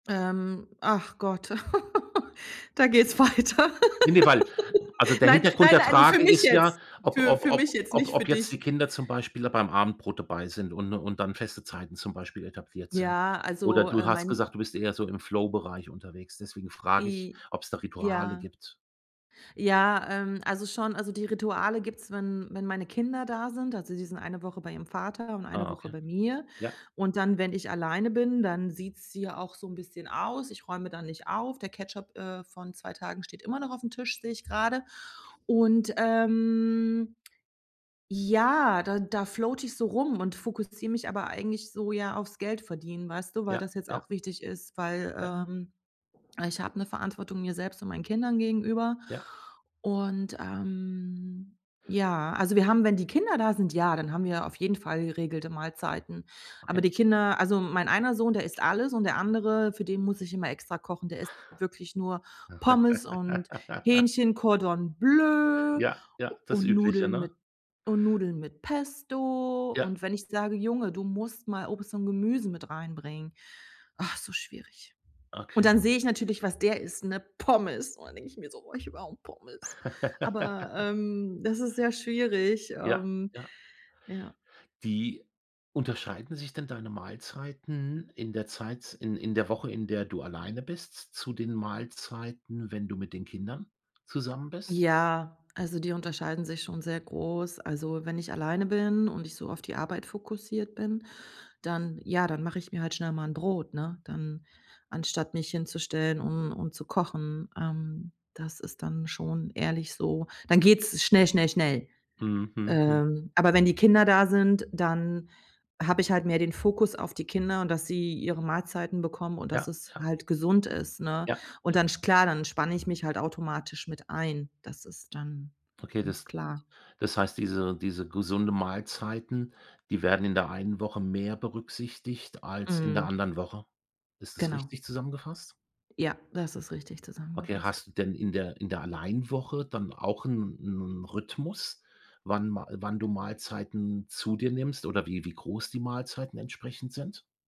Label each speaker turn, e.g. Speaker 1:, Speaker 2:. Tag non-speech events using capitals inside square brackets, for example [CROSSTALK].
Speaker 1: Ähm, ach Gott, [CHUCKLES] da geht's weiter.
Speaker 2: Ne, ne, weil also,
Speaker 1: [LAUGHS]
Speaker 2: der
Speaker 1: Nein,
Speaker 2: Hintergrund
Speaker 1: nein,
Speaker 2: der
Speaker 1: nein, für
Speaker 2: Frage
Speaker 1: mich
Speaker 2: ist ja,
Speaker 1: jetzt.
Speaker 2: ob
Speaker 1: Für
Speaker 2: ob
Speaker 1: für
Speaker 2: ob
Speaker 1: mich jetzt,
Speaker 2: ob
Speaker 1: nicht für
Speaker 2: ob jetzt die
Speaker 1: dich.
Speaker 2: Kinder zum Beispiel da beim Abendbrot dabei sind und und dann feste Zeiten zum Beispiel etabliert sind.
Speaker 1: Ja,
Speaker 2: Oder
Speaker 1: also,
Speaker 2: du
Speaker 1: äh,
Speaker 2: hast
Speaker 1: mein
Speaker 2: gesagt, du bist eher so im Flow-Bereich unterwegs, deswegen frage ich,
Speaker 1: I
Speaker 2: ob's da Rituale
Speaker 1: ja.
Speaker 2: gibt.
Speaker 1: Ja, ähm, also schon. Also, die Rituale gibt's, wenn wenn meine Kinder da sind. Also, die sind eine Woche bei ihrem Vater und eine
Speaker 2: Ah,
Speaker 1: Woche
Speaker 2: okay.
Speaker 1: bei mir.
Speaker 2: Ja.
Speaker 1: Und dann wenn ich alleine bin, dann sieht's hier auch so 'n bisschen aus. Ich räume dann nicht auf. Der Ketchup, äh, von 2 Tagen steht immer noch aufm Tisch, sehe ich grade. Und, ähm, ja, da da floate ich so rum und fokussiere mich aber eigentlich so ja aufs Geld verdienen, weißt du, weil
Speaker 2: Ja,
Speaker 1: das jetzt
Speaker 2: ja.
Speaker 1: auch wichtig ist, weil,
Speaker 2: Ja.
Speaker 1: ähm, ich habe 'ne Verantwortung mir selbst und meinen Kindern gegenüber.
Speaker 2: Ja.
Speaker 1: Und, ähm, ja, also wir haben wenn die Kinder da sind, ja, dann haben wir auf jeden Fall geregelte Mahlzeiten. Aber
Speaker 2: Okay.
Speaker 1: die Kinder also mein einer Sohn, der isst alles und der andere, für den muss ich immer extra kochen, der isst wirklich nur Pommes und
Speaker 2: [LAUGHS]
Speaker 1: Hähnchen, Cordon Bleu
Speaker 2: Ja,
Speaker 1: u
Speaker 2: ja, das
Speaker 1: und
Speaker 2: Übliche,
Speaker 1: Nudeln
Speaker 2: ne?
Speaker 1: mit und Nudeln mit Pesto.
Speaker 2: Ja.
Speaker 1: Und wenn ich sage: „Junge, du musst mal Obst und Gemüse mit rein bringen“, ach, so schwierig. Und
Speaker 2: Okay.
Speaker 1: dann sehe ich natürlich, was der isst, 'ne Pommes und dann denke ich mir so: „Boah, ich will auch Pommes.“ Aber,
Speaker 2: [LAUGHS]
Speaker 1: ähm, das ist sehr schwierig,
Speaker 2: Ja,
Speaker 1: ähm,
Speaker 2: ja.
Speaker 1: ja.
Speaker 2: Wie unterscheiden sich denn deine Mahlzeiten in der Zeit in in der Woche, in der du alleine bist, zu den Mahlzeiten, wenn du mit den Kindern zusammen bist?
Speaker 1: Ja, also die unterscheiden sich schon sehr groß. Also, wenn ich alleine bin und ich so auf die Arbeit fokussiert bin, dann ja, dann mache ich mir halt schnell mal 'n Brot, ne, dann anstatt mich hinzustellen, um um zu kochen. Ähm, das ist dann schon ehrlich so. Dann geht's schnell, schnell, schnell.
Speaker 2: Mhm, mhm, mhm.
Speaker 1: Ähm, aber wenn die Kinder da sind, dann habe ich halt mehr den Fokus auf die Kinder und dass sie ihre Mahlzeiten bekommen und dass
Speaker 2: Ja,
Speaker 1: es
Speaker 2: ja.
Speaker 1: halt gesund ist, ne?
Speaker 2: Ja,
Speaker 1: Und
Speaker 2: ja.
Speaker 1: dann sch klar, dann spanne ich mich halt automatisch mit ein. Das ist dann
Speaker 2: Okay,
Speaker 1: ganz
Speaker 2: das
Speaker 1: klar.
Speaker 2: das heißt, diese diese gesunde Mahlzeiten, die werden in der einen Woche mehr berücksichtigt als in der
Speaker 1: Mhm.
Speaker 2: anderen Woche. Ist das
Speaker 1: Genau.
Speaker 2: richtig zusammengefasst?
Speaker 1: Ja, das ist richtig
Speaker 2: Okay,
Speaker 1: zusammengefasst.
Speaker 2: hast du denn in der in der Allein-Woche dann auch 'n 'n Rhythmus, wann Ma äh, wann du Mahlzeiten zu dir nimmst oder wie wie groß die Mahlzeiten entsprechend sind?